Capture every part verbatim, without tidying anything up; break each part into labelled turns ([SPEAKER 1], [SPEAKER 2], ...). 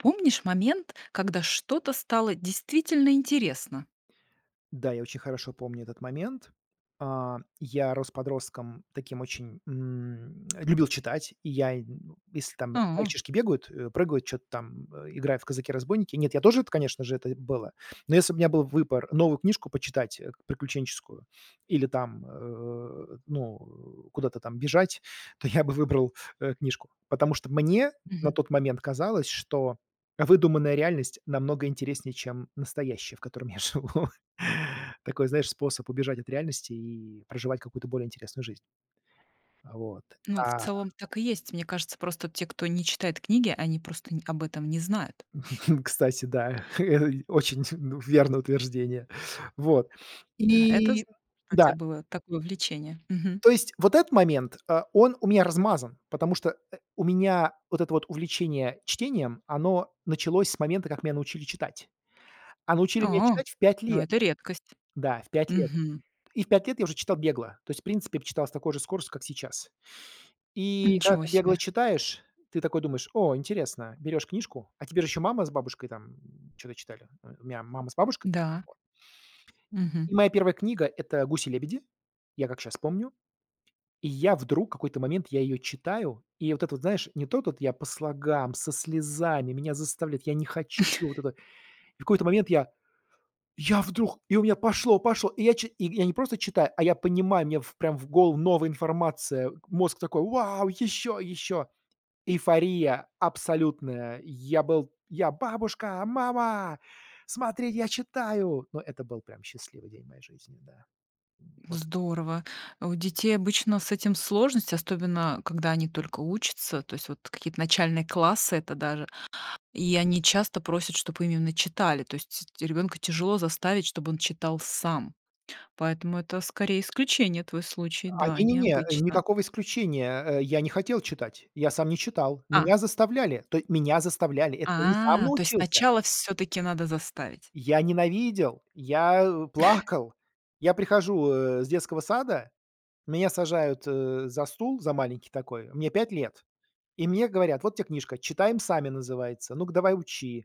[SPEAKER 1] Помнишь момент, когда что-то стало действительно интересно?
[SPEAKER 2] Да, я очень хорошо помню этот момент. А, я рос подростком таким очень м, любил читать. И я, м, если там
[SPEAKER 1] А.
[SPEAKER 2] мальчишки бегают, э, прыгают, чё-то там, э, играют в казаки-разбойники, нет, я тоже это конечно же, это было. Но если б у меня был выбор новую книжку почитать приключенческую или там, э, ну, э, куда-то там бежать, то я бы выбрал, э, книжку. Потому что мне на
[SPEAKER 1] Мгм.
[SPEAKER 2] тот момент казалось, что выдуманная реальность намного интереснее, чем настоящая, в котором я живу. Такой, знаешь, способ убежать от реальности и проживать какую-то более интересную жизнь. Вот.
[SPEAKER 1] Ну, в
[SPEAKER 2] А
[SPEAKER 1] целом так и есть. Мне кажется, просто те, кто не читает книги, они просто н об этом не знают.
[SPEAKER 2] Кстати, да. Очень, ну, верное утверждение. Вот.
[SPEAKER 1] Да, это зд
[SPEAKER 2] И
[SPEAKER 1] [unintelligible] у тя
[SPEAKER 2] Да.
[SPEAKER 1] было такое увлечение. Мгм.
[SPEAKER 2] То есть вот этот момент, э, он у меня размазан, потому что, э, у меня вот это вот увлечение чтением, оно началось с момента, как меня научили читать. А научили меня
[SPEAKER 1] А.
[SPEAKER 2] читать в пять
[SPEAKER 1] Но
[SPEAKER 2] лет.
[SPEAKER 1] это редкость.
[SPEAKER 2] Да, в пять лет.
[SPEAKER 1] Мгм.
[SPEAKER 2] И в пять лет я уже читал бегло. То есть, в принципе, б читал с такой же скоростью, как сейчас. И когда
[SPEAKER 1] Ничего
[SPEAKER 2] ты бегло
[SPEAKER 1] себе.
[SPEAKER 2] читаешь, ты такой думаешь: "О, интересно". Берешь книжку, а тебе же еще мама с бабушкой там чё-то читали. У меня мама с бабушкой.
[SPEAKER 1] Да.
[SPEAKER 2] Вот. И
[SPEAKER 1] Мгм.
[SPEAKER 2] моя первая книга- это "Гуси-лебеди". Я как щас помню. И я вдруг какой-то момент, я ее читаю, и вот это вот знаешь, не то тут- я по слогам, со слезами, меня заставляют, я не хочу- вот это. И в какой-то момент я я вдруг и у меня пошло, пошло, и я чи и я не просто читаю, а я понимаю, мне в прям в голову новая информация, мозг такой: "Вау, еще, еще!" Эйфория абсолютная. Я был я: "Бабушка! Мама! Смотрите, я читаю!" Ну, это был прям счастливый день в моей жизни, да. Вот.
[SPEAKER 1] Здорово! У детей обычно с этим сложность, остобенно когда они только учатся, то есть вот какие-то начальные классы это даже. И они часто просят, чтоб им именно читали, то есть ребенка тяжело заставить, чтоб он читал сам. Поэтому это скорее исключение- твой случай.
[SPEAKER 2] А,
[SPEAKER 1] Да,
[SPEAKER 2] не-не-не,
[SPEAKER 1] необычно.
[SPEAKER 2] никакого исключения. Э, я не хотел читать. Я сам не читал.
[SPEAKER 1] Ах.
[SPEAKER 2] Меня заставляли. То й меня заставляли, это я не сам
[SPEAKER 1] А, то есть
[SPEAKER 2] научился.
[SPEAKER 1] сначала всё-таки надо заставить.
[SPEAKER 2] Я ненавидел, я, э, плакал. Я прихожу, э, с детского сада, меня сажают, э, за стул, за маленький такой. Мне пять лет. И мне говорят: "Вот те книжка" Читаем сами "называется. Ну-ка, давай учи".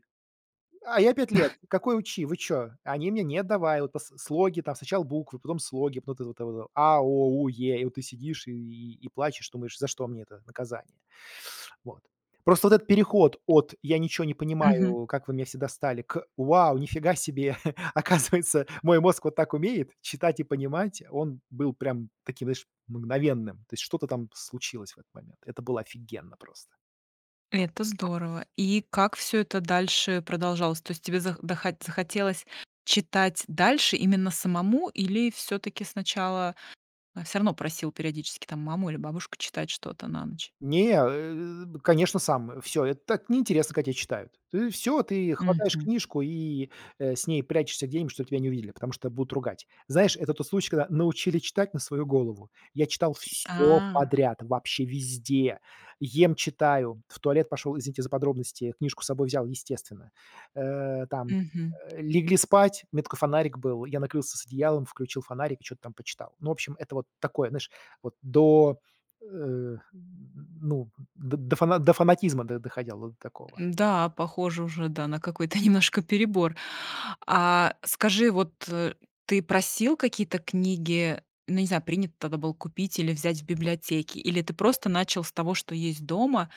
[SPEAKER 2] А я- пять лет. Какой учи? Вы чё? Они мне: "Нет, давай". От пос слоги там, сначала буквы, потом слоги. [unintelligible] Это: "а", "о", "у", "е". И вот ты сидишь и и плачешь, думаешь: "За что мне это наказание?" Вот. Просто вот этот переход от "я ничё не
[SPEAKER 1] Мгм.
[SPEAKER 2] понимаю, как вы меня все достали" к "вау, нифига себе, оказывается, мой мозг вот так умеет: читать и понимать", он был прям таким, знаешь, мгновенным. То есть что-то там случилось в этот момент. Это было офигенно просто.
[SPEAKER 1] Это здорово. И как всё это дальше продолжалось? То есть тебе зах дохо захотелось читать дальше именно самому, или всё-таки сначала, э, всё равно просил периодически там маму или бабушку читать что-то на ночь?
[SPEAKER 2] Не, э, б конечно, сам. Всё, это так неинтересно, когда те читают. Ты всё ты хватаешь
[SPEAKER 1] Мгм.
[SPEAKER 2] книжку и, э, с ней прячешься где-нибудь, чтоб тебя не увидели, потому что будут ругать. Знаешь, это тот случай, когда научили читать на свою голову. Я читал всё
[SPEAKER 1] А.
[SPEAKER 2] подряд, вообще везде. Ем- читаю, в туалет пошел, извините за подробности, книжку с собой взял, естественно. Э, там,
[SPEAKER 1] Мгм.
[SPEAKER 2] э, легли спать, у меня такой фонарик был, я накрылся с одеялом, включил фонарик и чё-то там почитал. Ну, в общем, это вот такое, знаешь, вот до э, ну, д до фана до фанатизма до доходило до такого.
[SPEAKER 1] Да, похоже уже, да, на какой-то немножко перебор. А скажи, вот ты просил какие-то книги, ну, не знаю, принято тогда было купить или взять в библиотеке, или ты просто начал с того, что есть дома,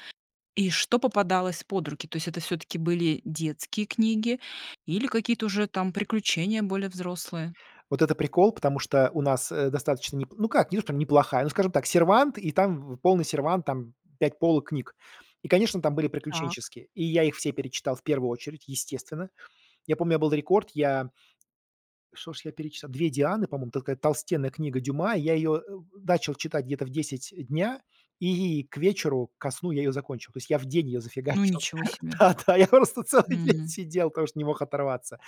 [SPEAKER 1] и что попадалось под руки? То есть это всё-таки были детские книги или какие-то уже там приключения более взрослые?
[SPEAKER 2] Вот это прикол, потому что у нас, э, достаточно не ну как, не то что неплохая, ну скажем так, сервант, и там полный сервант, там пять полок книг. И, конечно, там были
[SPEAKER 1] Так. Мгмгмгмг.
[SPEAKER 2] приключенческие, и я их все перечитал в первую очередь, естественно. Я помню, Был рекорд, я что шож я перечитал? "Две Дианы", по-моему. Такая толстенная книга Дюма, и я её, э, э, начал читать где-то в десять дня, и к вечеру, ко сну я ее закончил. То есть, я в день ее
[SPEAKER 1] Ну,
[SPEAKER 2] зафигачил.
[SPEAKER 1] ничего себе.
[SPEAKER 2] Да, да, я просто целый день
[SPEAKER 1] Мгм.
[SPEAKER 2] сидел, потому что не мог оторваться,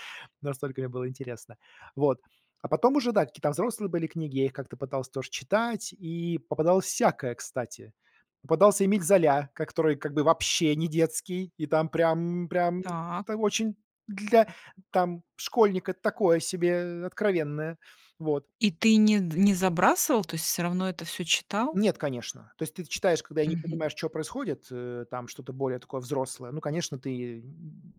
[SPEAKER 2] настолько мне было интересно. Вот. А потом уже да, какие-то взрослые были книги, я их как-то пытался тоже читать, и попадалось всякое, кстати. Попадался Эмиль Золя, ко который как бы вообще не детский, и там прям, прям,
[SPEAKER 1] Так.
[SPEAKER 2] там очень для там, школьника такое себе, откровенное. Вот.
[SPEAKER 1] И ты не д не забрасывал, то есть всё равно это всё читал?
[SPEAKER 2] Нет, конечно. То есть ты т читаешь когда и не
[SPEAKER 1] Мгм.
[SPEAKER 2] понимаешь, чё происходит, э, там что-то более такое взрослое. Ну, конечно, ты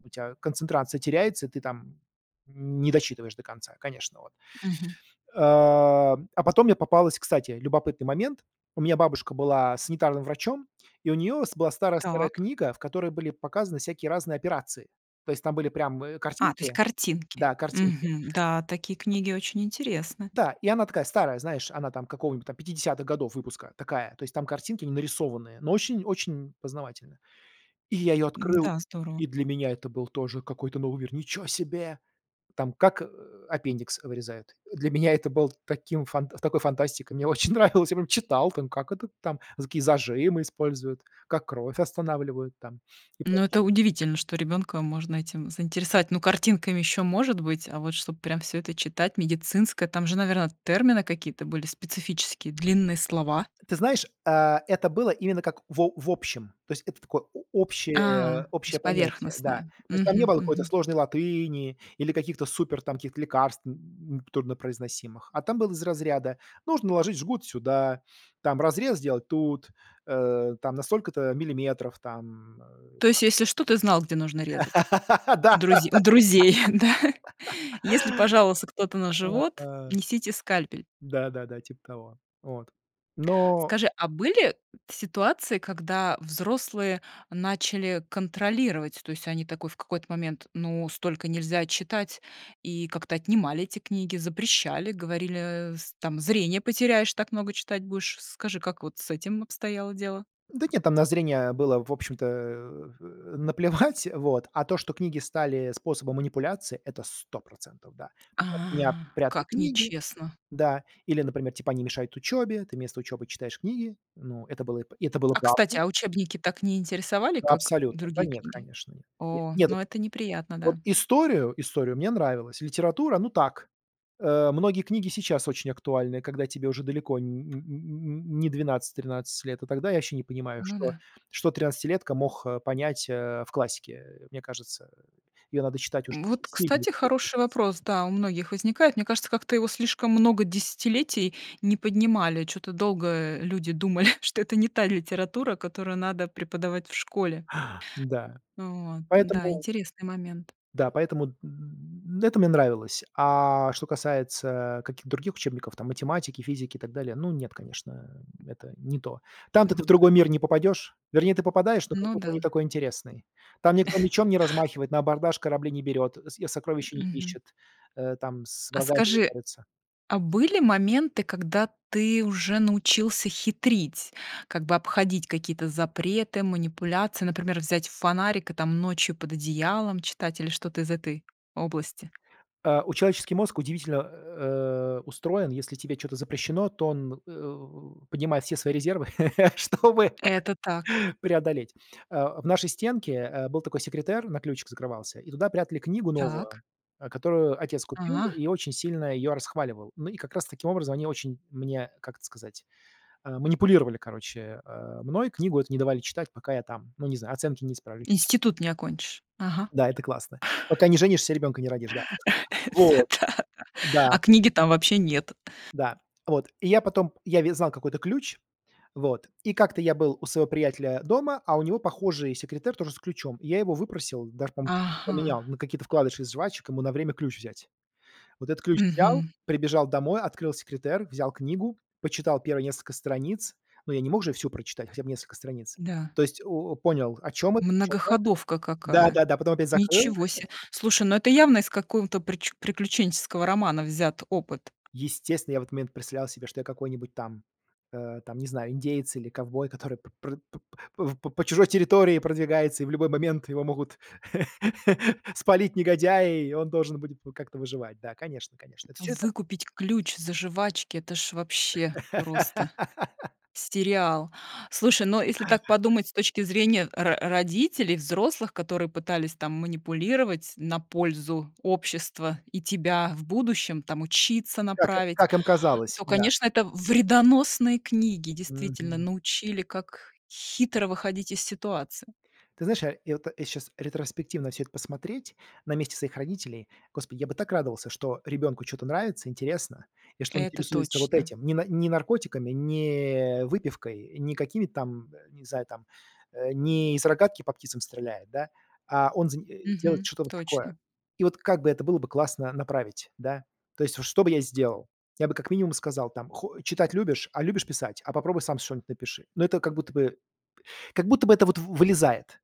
[SPEAKER 2] у тя концентрация теряется, и ты там н не дочитываешь до конца, конечно, вот.
[SPEAKER 1] Мгм.
[SPEAKER 2] Э, а потом мне попалась кстати, любопытный момент. У меня бабушка была санитарным врачом, и у нее с была старая-старая
[SPEAKER 1] Так.
[SPEAKER 2] книга, в которой были показаны всякие разные операции. То есть там были прям, э,
[SPEAKER 1] А, то есть
[SPEAKER 2] картинки.
[SPEAKER 1] картинки.
[SPEAKER 2] Да, картинки.
[SPEAKER 1] Мгм. Да, такие книги очень интересны.
[SPEAKER 2] Да, и она такая старая, знаешь, она там какого-нибудь там пятидесятых годов выпуска, такая. То есть там картинки, они нарисованные, но очень-очень познавательно. И я ее открыл,
[SPEAKER 1] Да,
[SPEAKER 2] и
[SPEAKER 1] здорово.
[SPEAKER 2] для меня это был тоже какой-то новый мир. Ниче себе! Там как, э, аппендикс вырезают. Для меня это было таким фан такой фантастикой, мне очень нравилось, я прям читал там, как это там за какие зажимы используют, как кровь останавливают там. И
[SPEAKER 1] Ну,
[SPEAKER 2] прочее.
[SPEAKER 1] это удивительно, что ребёнка можно этим заинтересовать. Ну, картинками ещё может быть, а вот чтоб прям всё это читать медицинское, там же, наверно, термины какие-то были специфические, длинные слова.
[SPEAKER 2] Ты знаешь, э, это было именно как в о в общем, то есть это такое о
[SPEAKER 1] А,
[SPEAKER 2] общее
[SPEAKER 1] то
[SPEAKER 2] общее
[SPEAKER 1] есть
[SPEAKER 2] понятие, да.
[SPEAKER 1] поверхностное.
[SPEAKER 2] То есть там не
[SPEAKER 1] Мгм,
[SPEAKER 2] было какой-то
[SPEAKER 1] мгм.
[SPEAKER 2] сложной латыни или каких-то супер там каких-то лекарств, м, труднопроизносимых. А там было из разряда: нужно наложить жгут сюда, там разрез сделать тут, э, там на столько-то миллиметров там, э.
[SPEAKER 1] То есть если что, ты знал, где нужно резать?
[SPEAKER 2] Да, да,
[SPEAKER 1] У друзе у друзей, да? Если пожаловался кто-то
[SPEAKER 2] да.
[SPEAKER 1] на живот,
[SPEAKER 2] А.
[SPEAKER 1] несите скальпель.
[SPEAKER 2] Да, да, да. Типа того. Вот. Но
[SPEAKER 1] Скажи, а были т ситуации, когда взрослые начали контролировать, то есть они такой в какой-то момент: "Ну, столько нельзя читать",- и как-то отнимали эти книги, запрещали, говорили с там: "Зрение потеряешь, так много читать будешь". Скажи, как вот с этим обстояло дело?
[SPEAKER 2] Да нет, там на зрение было, в общем-то, э, наплевать, вот, а то, что книги стали способом манипуляции, это сто процентов, да.
[SPEAKER 1] А,
[SPEAKER 2] От меня прятали
[SPEAKER 1] как
[SPEAKER 2] книги,
[SPEAKER 1] нечестно.
[SPEAKER 2] да, или, например, типа они мешают учёбе, ты вместо учёбы читаешь книги. Ну, это было п и это было
[SPEAKER 1] А кстати,
[SPEAKER 2] правдой.
[SPEAKER 1] а учебники так не интересовали,
[SPEAKER 2] Ну,
[SPEAKER 1] как
[SPEAKER 2] абсолютно. Да
[SPEAKER 1] другие
[SPEAKER 2] нет,
[SPEAKER 1] книги?
[SPEAKER 2] конечно.
[SPEAKER 1] О,
[SPEAKER 2] Нет, вот
[SPEAKER 1] ну это неприятно,
[SPEAKER 2] вот
[SPEAKER 1] да.
[SPEAKER 2] историю, историю мне нравилось. Литература- ну, так. Э, многие книги сейчас очень актуальны, когда тебе уже далеко н н н н не двенадцать тринадцать лет. А тогда- я вообще не понимаю,
[SPEAKER 1] Ну
[SPEAKER 2] что
[SPEAKER 1] да.
[SPEAKER 2] что тринадцатилетка мог понять, э, в классике. Э, мне кажется, её надо читать уже си
[SPEAKER 1] Вот, кстати,
[SPEAKER 2] сильно-сильно
[SPEAKER 1] хороший вопрос,
[SPEAKER 2] [unintelligible]
[SPEAKER 1] да, у многих возникает. Мне кажется, как-то его слишком много десятилетий не поднимали. Чё-то долго, э, люди думали, что это не та литература, которую надо преподавать в школе.
[SPEAKER 2] Да.
[SPEAKER 1] Вот. Да,
[SPEAKER 2] Поэтому
[SPEAKER 1] интересный момент.
[SPEAKER 2] Да, поэтому, м м-м, ну, это мне нравилось, а что касается каких-то других учебников там: математики, физики и так далее, ну нет, конечно, это не то. Там-то ты в
[SPEAKER 1] Так.
[SPEAKER 2] другой мир не попадешь, вернее, ты попадаешь, но
[SPEAKER 1] Ну
[SPEAKER 2] какой-то он
[SPEAKER 1] да.
[SPEAKER 2] не такой интересный. Там никто мечом не размахивает, на абордаж корабли не берет, со и
[SPEAKER 1] М,
[SPEAKER 2] сокровища не
[SPEAKER 1] мгм.
[SPEAKER 2] ищет, э, там с
[SPEAKER 1] А
[SPEAKER 2] врагами не
[SPEAKER 1] скажи,
[SPEAKER 2] борется.
[SPEAKER 1] а были моменты, когда ты уже научился хитрить, как бы обходить какие-то запреты, манипуляции, например, взять фонарик и, там, ночью под одеялом читать, или что-то из этой области?
[SPEAKER 2] Э, у человеческий мозг удивительно, э, устроен, если тебе чё-то запрещено, то он, э, поднимает все свои резервы, чтобы
[SPEAKER 1] Это так.
[SPEAKER 2] преодолеть. Э, в нашей стенке, э, был такой секретер, на ключик закрывался, и туда прятали книгу
[SPEAKER 1] Так.
[SPEAKER 2] новую, э, которую отец купил
[SPEAKER 1] А.
[SPEAKER 2] и очень сильно её расхваливал. Ну, и как раз таким образом они очень мне, как это сказать э, манипулировали, короче, э, мной. Книгу эту не давали читать, пока я там ну, не знаю, оценки не исправлю, или ещё что-то.
[SPEAKER 1] Институт не окончишь. Ага.
[SPEAKER 2] Да, это классно. Пока не женишься, ребенка не родишь, да.
[SPEAKER 1] Всё
[SPEAKER 2] Вот.
[SPEAKER 1] так.
[SPEAKER 2] Да.
[SPEAKER 1] А книги там вообще нет.
[SPEAKER 2] Да. Вот, и я потом я ведь знал какой это ключ, вот, и как-то я был у своего приятеля дома, а у него похожий секретер, тоже с ключом. И я его выпросил, даже, по-моему, на чё-то поменял,
[SPEAKER 1] Ага.
[SPEAKER 2] на какие-то вкладыши из жвачек, ему на время ключ взять. Вот этот ключ взял,
[SPEAKER 1] Мгм.
[SPEAKER 2] прибежал домой, открыл секретер, взял книгу, почитал первые несколько страниц, но я не мог же всю прочитать, хотя бы несколько страниц.
[SPEAKER 1] Да.
[SPEAKER 2] То есть, у у, понял, о чём это, чё как.
[SPEAKER 1] Многоходовка
[SPEAKER 2] Да,
[SPEAKER 1] какая.
[SPEAKER 2] да, да, потом опять закрыл
[SPEAKER 1] Ничего се. Слушай, ну, это явно из какого-то прич приключенческого романа взят опыт.
[SPEAKER 2] Естественно, я в этот момент представлял себе, что я какой-нибудь там, э, там, не знаю, индеец или ковбой, который пр по по -по чужой территории продвигается, и в любой момент его могут спалить негодяи, и он должен будет, ну, как-то выживать. Да, конечно, конечно. Вот всё это
[SPEAKER 1] Выкупить ключ за жвачки- это ж вообще просто сериал. Слушай, ну если так подумать с точки зрения ро родителей, взрослых, которые пытались, там, манипулировать на пользу общества, и тебя в будущем, там, учиться
[SPEAKER 2] Как и
[SPEAKER 1] направить,
[SPEAKER 2] как им казалось,
[SPEAKER 1] то,
[SPEAKER 2] да.
[SPEAKER 1] конечно, это вредоносные книги, действительно,
[SPEAKER 2] Мгм.
[SPEAKER 1] научили, как хитро выходить из ситуации.
[SPEAKER 2] Ты знаешь, э, я вот я щас ретроспективно всё это посмотреть. На месте своих родителей, господи, я бы так радовался, что ребенку чё-то нравится, интересно, и что он
[SPEAKER 1] Это
[SPEAKER 2] интересуется вот
[SPEAKER 1] точно.
[SPEAKER 2] этим. Не на не наркотиками, не выпивкой, не какими-то там, не знаю, там, э, не из рогатки по птицам стреляет, да, а он зани э, делает
[SPEAKER 1] Мгм,
[SPEAKER 2] что-то вот такое.
[SPEAKER 1] точно.
[SPEAKER 2] И вот как бы это было бы классно направить, да? То есть вот что бы я сделал? Я бы как минимум сказал, там: "Хо Читать любишь? А любишь писать? А попробуй сам шо-нибудь напиши". Но это как будто бы как будто бы это вот в вылезает.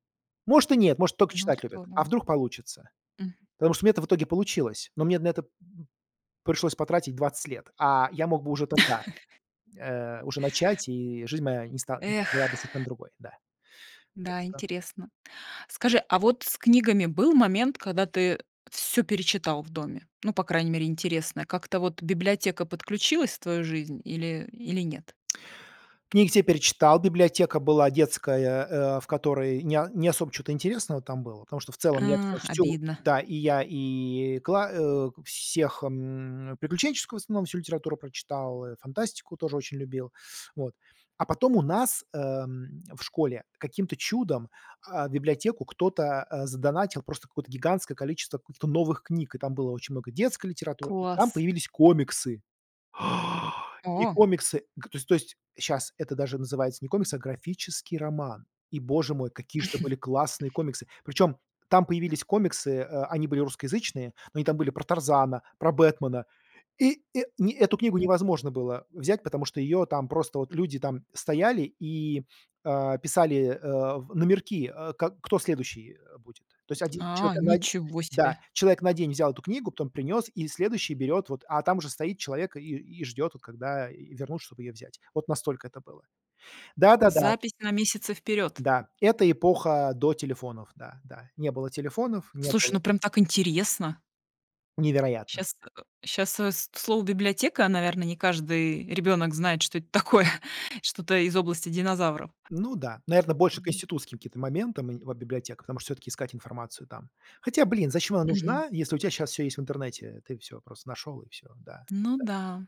[SPEAKER 2] Может, и нет, может только
[SPEAKER 1] Ну,
[SPEAKER 2] читать любят, а
[SPEAKER 1] здорово.
[SPEAKER 2] вдруг получится.
[SPEAKER 1] Мгм.
[SPEAKER 2] Потому что у меня это в итоге получилось, но мне на это, м, пришлось потратить двадцать лет, а я мог бы уже тогда, э, уже начать, и жизнь моя не ста
[SPEAKER 1] Эх.
[SPEAKER 2] была бы совершенно другой, да. Так
[SPEAKER 1] Да,
[SPEAKER 2] что
[SPEAKER 1] интересно. Скажи, а вот с книгами был момент, когда ты всё перечитал в доме? Ну, по крайней мере, интересное. Как-то вот библиотека подключилась в твою жизнь или или нет?
[SPEAKER 2] Книги все перечитал, библиотека была детская, э, в которой не не особо чё-то интересного там было, потому что в целом я всё,
[SPEAKER 1] Ах,
[SPEAKER 2] всю
[SPEAKER 1] обидно.
[SPEAKER 2] да, и я и кла э, всех, м, приключенческую, в основном, всю литературу прочитал, э, фантастику тоже очень любил. Вот. А потом у нас, э, в школе каким-то чудом, а, в библиотеку кто-то, э, задонатил просто какое-то гигантское количество каких-то новых книг, и там было очень много детской литературы, и там
[SPEAKER 1] Класс.
[SPEAKER 2] появились комиксы. И
[SPEAKER 1] О!
[SPEAKER 2] комиксы, г то есть то есть щас это даже называется не комиксы, а графический роман. И Боже мой! Какие ж это были классные комиксы, причем там появились комиксы, э, они были русскоязычные, но они там были про Тарзана, про Бэтмена, и, э, не эту книгу
[SPEAKER 1] М.
[SPEAKER 2] невозможно было взять, потому что её там просто вот люди там стояли и, э, писали, э, номерки, э, к кто следующий будет. То есть один
[SPEAKER 1] А,
[SPEAKER 2] человек на день,
[SPEAKER 1] ничего
[SPEAKER 2] да,
[SPEAKER 1] себе!
[SPEAKER 2] человек на день взял эту книгу, потом принес и следующий берет вот, а там же стоит человек и и ждет, вот когда вернут, чтоб её взять. Вот настолько это было. Да, да, да.
[SPEAKER 1] Запись на месяцы вперед.
[SPEAKER 2] Да, это эпоха до телефонов. Да, да. Не было телефонов, не было
[SPEAKER 1] Слушай, ну, прям так интересно.
[SPEAKER 2] Невероятно.
[SPEAKER 1] Щас э, щас, э, с слово библиотека, наверно, не каждый ребенок знает, что это такое, что-то из области динозавров.
[SPEAKER 2] Ну да. Наверно, больше к
[SPEAKER 1] М.
[SPEAKER 2] институтским каким-то моментам, нед вот библиотека, потому что всё-таки искать информацию там. Хотя, блин, зачем она
[SPEAKER 1] Мгм.
[SPEAKER 2] нужна, если у тя щас всё есть в интернете, ты всё просто нашел, и всё, да,
[SPEAKER 1] Ну
[SPEAKER 2] да.
[SPEAKER 1] да.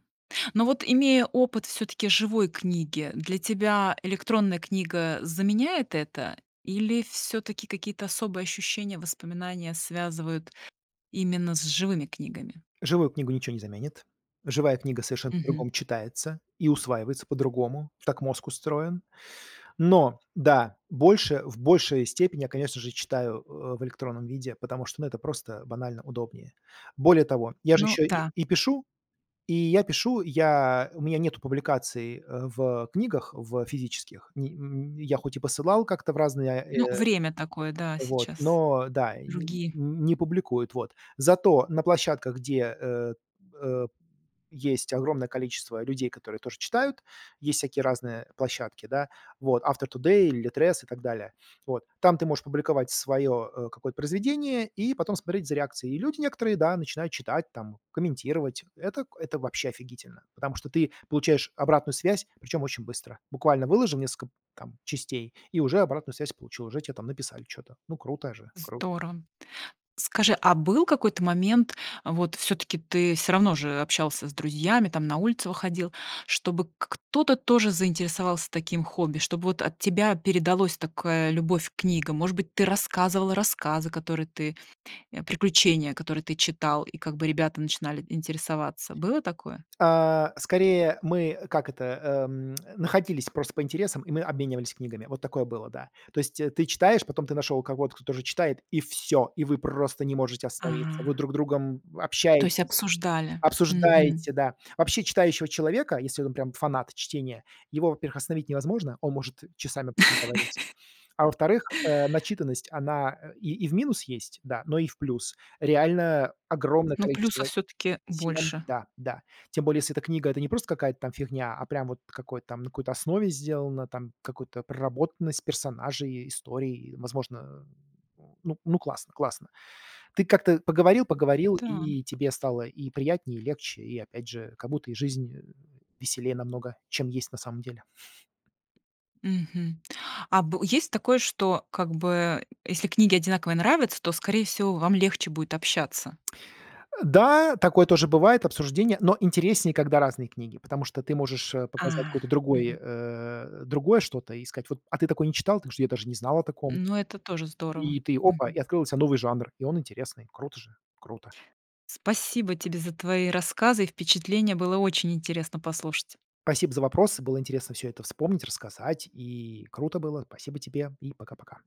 [SPEAKER 1] Но вот, имея опыт всё-таки живой книги, для тебя электронная книга заменяет это? Или всё-таки какие-то особые ощущения, воспоминания связывают именно с живыми книгами?
[SPEAKER 2] Живую книгу ниче не заменит. Живая книга совершенно
[SPEAKER 1] Мгм.
[SPEAKER 2] по-другому читается и усваивается по-другому, так мозг устроен. Но да, больше в большей степени, я, конечно же, читаю, э, в электронном виде, потому что, ну, это просто банально удобнее. Более того, я же
[SPEAKER 1] Ну
[SPEAKER 2] еще и
[SPEAKER 1] да.
[SPEAKER 2] и пишу, и я пишу, я у меня нету публикаций, э, в книгах, в физических не н н я хоть и посылал как-то в разные,
[SPEAKER 1] Ну,
[SPEAKER 2] э,
[SPEAKER 1] время такое, да,
[SPEAKER 2] вот,
[SPEAKER 1] сейчас.
[SPEAKER 2] но да, н
[SPEAKER 1] Другие.
[SPEAKER 2] не публикуют, вот. Зато на площадках, где, э, э, есть огромное количество людей, которые тоже читают, есть всякие разные площадки, да, вот Author.Today, "Литрес" и так далее. Вот. Там ты можешь публиковать свое, э, какое-то произведение и потом смотреть за реакцией. Люди некоторые, да, начинают читать там, комментировать. Это это вообще офигительно, потому что ты получаешь обратную связь, причём очень быстро, буквально выложил несколько там частей- и уже обратную связь получил, уже те написали чё-то, ну круто же, кру
[SPEAKER 1] Здорово. Скажи, а был какой-то момент, вот всё-таки ты всё равно же общался с друзьями, там на улицу выходил, чтобы к кто-то тоже заинтересовался таким хобби, чтобы, вот, от тебя передалось такая любовь к книгам? Может быть, ты рассказывал рассказы, которые ты э, приключения, которые ты читал, и как бы ребята начинали интересоваться. Было такое?
[SPEAKER 2] А, скорее, мы, как это, э, м, находились просто по интересам, и мы обменивались книгами. Вот такое было, да. То есть ты читаешь, потом ты нашел кого-то, кто тоже читает, и всё, и вы просто не можете остановиться. Вы
[SPEAKER 1] Ага.
[SPEAKER 2] друг другом
[SPEAKER 1] То есть
[SPEAKER 2] общаетесь,
[SPEAKER 1] обсуждали? Мгм.
[SPEAKER 2] обсуждаете, да. Вообще, читающего человека, если он прям фанат чтения, его, во-первых, остановить невозможно, он может часами проговорить. А во-вторых, э, начитанность, она, э, и и в минус есть, да, но и в плюс. Реально огромное
[SPEAKER 1] Ну
[SPEAKER 2] количество
[SPEAKER 1] плюсов всё-таки
[SPEAKER 2] тем,
[SPEAKER 1] больше.
[SPEAKER 2] да, да. Тем более, если эта книга- это не просто какая-то там фигня, а прям вот какой-то там на какой-то основе сделана, там какую-то проработанность персонажей, историй, возможно, э, ну классно, классно. Ты как-то поговорил-поговорил,
[SPEAKER 1] Да.
[SPEAKER 2] и тебе стало и приятнее, и легче, и опять же, как будто и жизнь, э, веселее намного, чем есть на самом деле.
[SPEAKER 1] Мгм. А бы есть такое, что как бы если книги одинаковые нравятся, то, скорее всего, вам легче будет общаться?
[SPEAKER 2] Да, такое тоже бывает, обсуждение, но интереснее, когда разные книги, потому что ты можешь, э, показать какой-то
[SPEAKER 1] А.
[SPEAKER 2] другой,
[SPEAKER 1] Мгм.
[SPEAKER 2] э, другое что-то и сказать: "Вот, а ты такое не читал? Потому что я даже не знал о таком".
[SPEAKER 1] Ну, это тоже здорово.
[SPEAKER 2] И ты: "Опа!"
[SPEAKER 1] Мгм.
[SPEAKER 2] И открыл для ся новый жанр, и он интересный, круто же- круто.
[SPEAKER 1] Спасибо тебе за твои рассказы и впечатления. Было очень интересно послушать.
[SPEAKER 2] пасибо за вопрос, было интересно всё это вспомнить, рассказать. И круто было, спасибо тебе, и пока-пока.